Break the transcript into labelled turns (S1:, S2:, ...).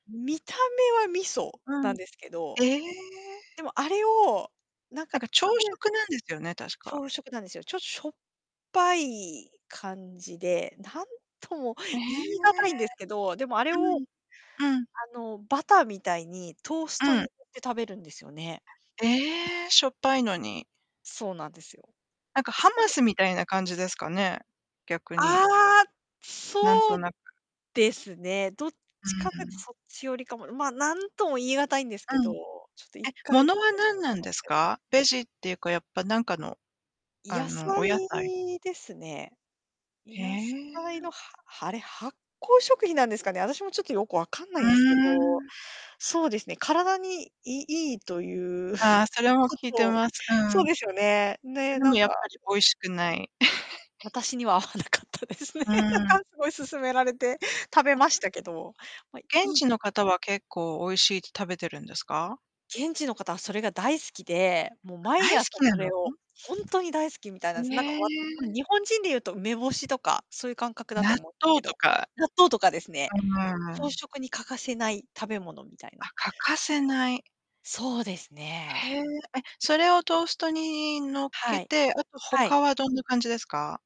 S1: 見た目は味噌
S2: う
S1: なん
S2: ん。
S1: ですけど。
S2: ええ。
S1: でも、あれを、なん
S2: な
S1: か
S2: んか、朝
S1: 食べ
S2: 食なんですよね、確か。
S1: 朝食なんですよ。ちょっとしょっぱい感じで、なんとも
S2: え
S1: 言
S2: え。
S1: い難いんですけど、でもあれ
S2: う
S1: を、
S2: ん。うん。
S1: あの、バターみたいにトース
S2: う
S1: トに塗
S2: ん。
S1: って食べるんですよね。
S2: ええ、しょっぱいのに。
S1: そうなんですよ。
S2: なんか、ハ
S1: そ
S2: マ
S1: れ
S2: スみたいな感じですかね、逆に。
S1: ああ、
S2: なん
S1: そ
S2: と
S1: う
S2: なく。
S1: ですね。どっちか
S2: う
S1: とい
S2: んう
S1: と
S2: ん。
S1: そっちよりかも。まあ、何とも言い難いんですけ
S2: う
S1: ど、
S2: ん。
S1: ちょっと、いっ
S2: え、
S1: か
S2: も
S1: い試
S2: のは
S1: して
S2: 何な
S1: も
S2: ん
S1: らい
S2: です
S1: たいで
S2: か？ベ
S1: す
S2: ジ
S1: よ。
S2: っていうか、やっぱ、なんかの、あ
S1: 野
S2: の、お野菜？
S1: 菜ですね。
S2: へ
S1: 野菜
S2: え。
S1: の、はあれ発酵食品なんですかね、私もちょっとよく分かんな
S2: う
S1: いんですけ
S2: ー
S1: ど。
S2: ん。
S1: そうですね、体にいいいという
S2: ああ、それも
S1: こ
S2: 聞いて
S1: と。
S2: ます。うん。
S1: そう
S2: そ
S1: ですよね、
S2: れ
S1: で、
S2: で
S1: な
S2: も
S1: ん
S2: やっ
S1: か、
S2: ぱり美味 しくない。
S1: 私には合わなかったですね。
S2: う
S1: な
S2: ん。
S1: んかすごい勧められて食べ
S2: あ。
S1: ましたけど。ま、い
S2: 現
S1: い
S2: 地の方は、結構美味しいって食べてるんですか？
S1: 現地の方はそれが大好きで、もう
S2: 大
S1: 毎
S2: 好
S1: 朝
S2: き
S1: そ
S2: な
S1: れ
S2: の？
S1: を、ほんとに大好きみたいな
S2: へ
S1: んです。なんかおわっう
S2: え。
S1: ん、日本人で言うと梅干しとか、そういう感覚だと
S2: 納
S1: 思うけ
S2: 豆と
S1: ど。
S2: か。
S1: 納豆とかですね。
S2: あ、うんう
S1: 朝
S2: ん。
S1: 食に欠かせない食べ物みたいな。
S2: あ、欠かせない。
S1: そうですね。
S2: へえ。え、それをトーストに乗っ
S1: は
S2: け
S1: い。
S2: て、あと
S1: はい。
S2: 他はどんな感じですか？